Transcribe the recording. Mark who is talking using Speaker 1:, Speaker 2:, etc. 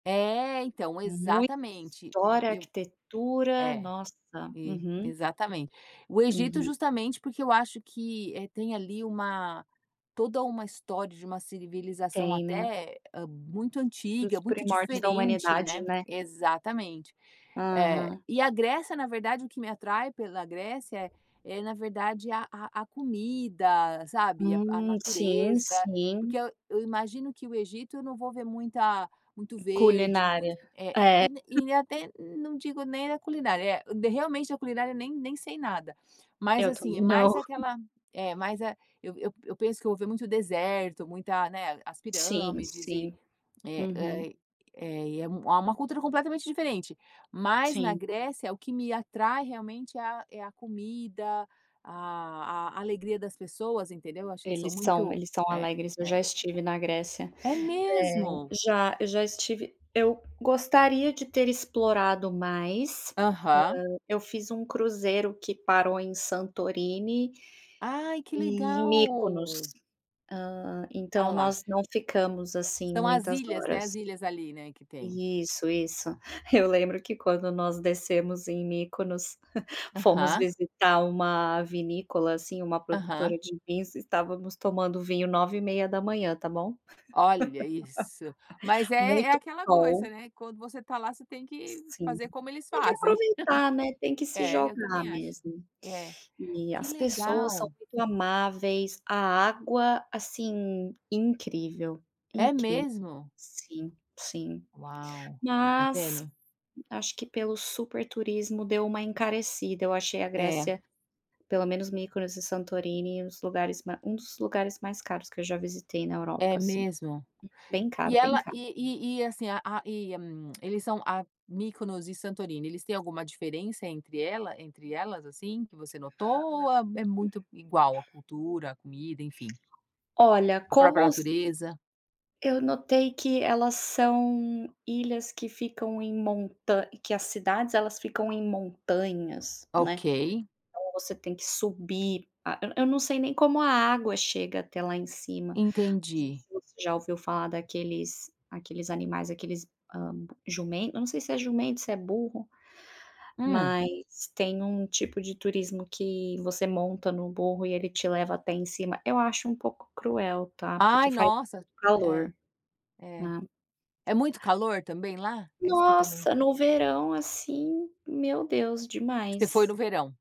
Speaker 1: É, então
Speaker 2: Muita
Speaker 1: exatamente,
Speaker 2: história,
Speaker 1: eu
Speaker 2: arquitetura,
Speaker 1: é.
Speaker 2: nossa
Speaker 1: E
Speaker 2: Uhum.
Speaker 1: exatamente. O Egito
Speaker 2: Uhum.
Speaker 1: justamente, porque eu acho que, eh, tem ali uma toda uma história de uma civilização
Speaker 2: Tem, né.
Speaker 1: até muito
Speaker 2: Dos
Speaker 1: antiga, muito
Speaker 2: primórdios da
Speaker 1: diferente,
Speaker 2: humanidade,
Speaker 1: né
Speaker 2: né.
Speaker 1: exatamente, eh,
Speaker 2: Aham.
Speaker 1: e a Grécia na verdade, o que me atrai pela Grécia é na verdade a a a comida, sabe. A a
Speaker 2: Hum, sim,
Speaker 1: natureza, porque
Speaker 2: sim.
Speaker 1: eu eu imagino que o Egito eu não vou ver muita muito verde,
Speaker 2: Culinária.
Speaker 1: muito, e
Speaker 2: É.
Speaker 1: e até, não digo nem a culinária, realmente a culinária nem nem sei nada. Mas,
Speaker 2: Eu
Speaker 1: assim, é
Speaker 2: também não.
Speaker 1: mais aquela é mais a eu eu eu penso que eu vou ver muito deserto, muita não é as
Speaker 2: Sim,
Speaker 1: pirâmides e,
Speaker 2: sim.
Speaker 1: é
Speaker 2: Uhum.
Speaker 1: é é uma cultura completamente diferente. Mas na
Speaker 2: Sim.
Speaker 1: Grécia, o que me atrai realmente é, a é a comida, a a alegria das pessoas entendeu? Acho que eles são
Speaker 2: Eles são,
Speaker 1: muito
Speaker 2: eles são
Speaker 1: é
Speaker 2: alegres, eu já
Speaker 1: é.
Speaker 2: estive na Grécia.
Speaker 1: É
Speaker 2: É,
Speaker 1: mesmo.
Speaker 2: já, eu já estive, eu gostaria de ter explorado mais,
Speaker 1: Aham.
Speaker 2: hã, eu fiz um cruzeiro que parou em Santorini,
Speaker 1: Ai que
Speaker 2: e Mikonos,
Speaker 1: legal.
Speaker 2: hã,
Speaker 1: Ah
Speaker 2: então,
Speaker 1: lá.
Speaker 2: nós não ficamos, assim,
Speaker 1: São as
Speaker 2: muitas
Speaker 1: ilhas, né, as
Speaker 2: horas
Speaker 1: ilhas ali, né, que tem.
Speaker 2: isso, isso.
Speaker 1: Tá.
Speaker 2: Eu lembro que quando nós descemos em Mikonos fomos
Speaker 1: Aham.
Speaker 2: visitar uma vinícola, assim, uma
Speaker 1: Aham.
Speaker 2: produtora de vinhos, estávamos tomando vinho 9:30, tá bom?
Speaker 1: Olha isso, mas é é
Speaker 2: Muito
Speaker 1: aquela
Speaker 2: sol.
Speaker 1: coisa, né, quando você está lá, você tem que
Speaker 2: Sim,
Speaker 1: fazer como eles
Speaker 2: tem que
Speaker 1: fazem.
Speaker 2: aproveitar, né, tem que se
Speaker 1: É eu
Speaker 2: jogar
Speaker 1: também acho,
Speaker 2: mesmo.
Speaker 1: É,
Speaker 2: E
Speaker 1: que
Speaker 2: as pessoas são
Speaker 1: legal.
Speaker 2: muito amáveis, a água, assim, incrível,
Speaker 1: É
Speaker 2: incrível
Speaker 1: mesmo?
Speaker 2: Sim, sim.
Speaker 1: Uau! Tá
Speaker 2: Mas,
Speaker 1: vendo?
Speaker 2: acho que pelo super turismo, deu uma encarecida, eu achei a
Speaker 1: É.
Speaker 2: Grécia, pelo menos Mikonos e Santorini, um dos lugares um dos lugares mais caros que eu já visitei na
Speaker 1: É
Speaker 2: Europa, assim,
Speaker 1: mesmo?
Speaker 2: bem caro,
Speaker 1: E
Speaker 2: bem
Speaker 1: ela
Speaker 2: caro.
Speaker 1: e-e e, assim, a a e, eles são a, Mikonos e Santorini, eles têm alguma diferença entre ela entre elas, assim, que você notou ou é muito igual a cultura, a comida, enfim.
Speaker 2: Olha
Speaker 1: A própria
Speaker 2: como
Speaker 1: natureza?
Speaker 2: eu notei que elas são ilhas, que ficam em montanhas, que as cidades, elas ficam em montanhas, né,
Speaker 1: Ok.
Speaker 2: então, você tem que subir, ah, eu não sei nem como a água chega até lá em cima.
Speaker 1: Entendi.
Speaker 2: Você já ouviu falar daqueles, aqueles animais, aqueles, hã, jumento, eu não sei se é jumento, se é burro,
Speaker 1: Hum.
Speaker 2: mas tem um tipo de turismo, que você monta no burro, e ele te leva até em cima, eu acho um pouco cruel tá, porque
Speaker 1: Ai
Speaker 2: faz
Speaker 1: nossa, é,
Speaker 2: calor,
Speaker 1: é,
Speaker 2: né.
Speaker 1: é muito calor também lá? É isso que também
Speaker 2: Nossa, no verão, assim, meu Deus
Speaker 1: Você foi no
Speaker 2: demais.
Speaker 1: verão?